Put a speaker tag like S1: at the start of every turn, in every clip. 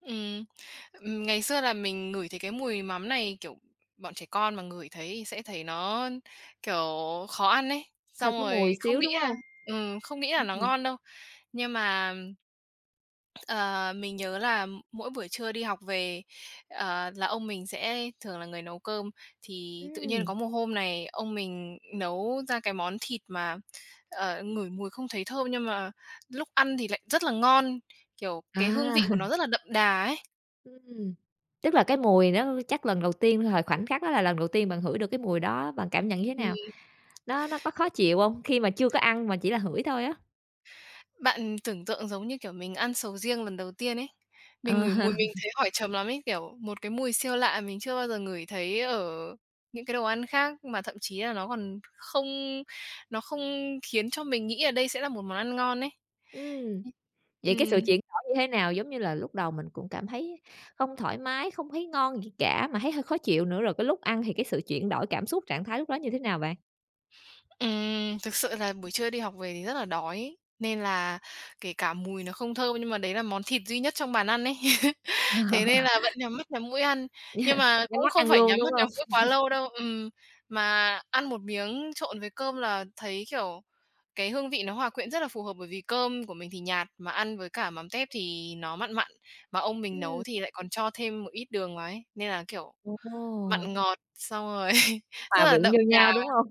S1: Ừm, ừm, ngày xưa là mình ngửi thấy cái mùi mắm này, kiểu, bọn trẻ con mà ngửi thấy thì sẽ thấy nó, kiểu, khó ăn ấy,
S2: Hơi
S1: xong
S2: có
S1: rồi
S2: mùi
S1: không
S2: xíu,
S1: nghĩ
S2: đúng
S1: là
S2: hông?
S1: ừm, không nghĩ là nó
S2: [unintelligible]
S1: ngon đâu. Nhưng mà, ờ, mình nhớ là mỗi buổi trưa đi học về, ờ, là ông mình sẽ thường là người nấu cơm, thì tự nhiên
S2: Ừm.
S1: có một hôm này, ông mình nấu ra cái món thịt mà, ờ, ngửi mùi không thấy thơm, nhưng mà lúc ăn thì lại rất là ngon, kiểu, cái hương
S2: À.
S1: vị của nó rất là đậm đà ấy.
S2: Ừm, tức là cái mùi nó chắc lần đầu tiên thời khoảnh khắc đó là lần đầu tiên bạn hửi được cái mùi đó, bạn cảm nhận như thế
S1: Thì
S2: nào? Nó nó có khó chịu hông, khi mà chưa có ăn mà chỉ là hửi thôi á?
S1: Bạn tưởng tượng giống như, kiểu, mình ăn sầu riêng lần đầu tiên ấy. Mình
S2: Ờ.
S1: ngửi mùi mình thấy hỏi chấm lắm ấy, kiểu, một cái mùi siêu lạ mình chưa bao giờ ngửi thấy ở những cái đồ ăn khác, mà thậm chí là nó còn không nó không khiến cho mình nghĩ là đây sẽ là một món ăn ngon ấy,
S2: Ừm, vậy cái sự
S1: ừm.
S2: chuyển đổi như thế nào? Giống như là lúc đầu mình cũng cảm thấy không thoải mái, không thấy ngon gì cả, mà thấy hơi khó chịu nữa, rồi cái lúc ăn thì cái sự chuyển đổi cảm xúc, trạng thái lúc đó như thế nào bạn?
S1: Ừm, thực sự là buổi trưa đi học về thì rất là đói, nên là kể cả mùi nó không thơm nhưng mà đấy là món thịt duy nhất trong bàn ăn ấy, thế nên là vẫn nhắm mắt nhắm mũi ăn. Nhưng mà
S2: Nhắm
S1: cũng
S2: mắt
S1: không
S2: ăn
S1: phải
S2: luôn,
S1: nhắm mắt
S2: đúng hông?
S1: nhắm mũi quá lâu đâu ừm, mà ăn một miếng trộn với cơm là thấy, kiểu, cái hương vị nó hòa quyện rất là phù hợp, bởi vì cơm của mình thì nhạt, mà ăn với cả mắm tép thì nó mặn mặn, mà ông mình nấu
S2: Ừm.
S1: thì lại còn cho thêm một ít đường vào ấy, nên là, kiểu, mặn
S2: Ồ!
S1: ngọt xong rồi rất
S2: Hòa
S1: là
S2: quyện
S1: đậm
S2: vô
S1: đà
S2: nhau, đúng hông?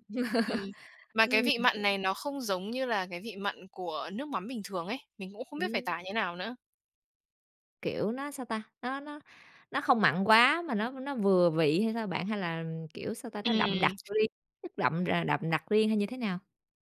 S1: ừm. Mà cái vị
S2: Ừm.
S1: mặn này nó không giống như là cái vị mặn của nước mắm bình thường ấy, mình cũng không biết phải tả như thế nào nữa.
S2: Kiểu, nó, sao ta, nó nó nó không mặn quá mà nó nó vừa vị hay sao bạn? Hay là, kiểu, sao ta, nó đậm
S1: Ừm.
S2: đặc riêng chất đậm r đậm đặc riêng hay như thế nào?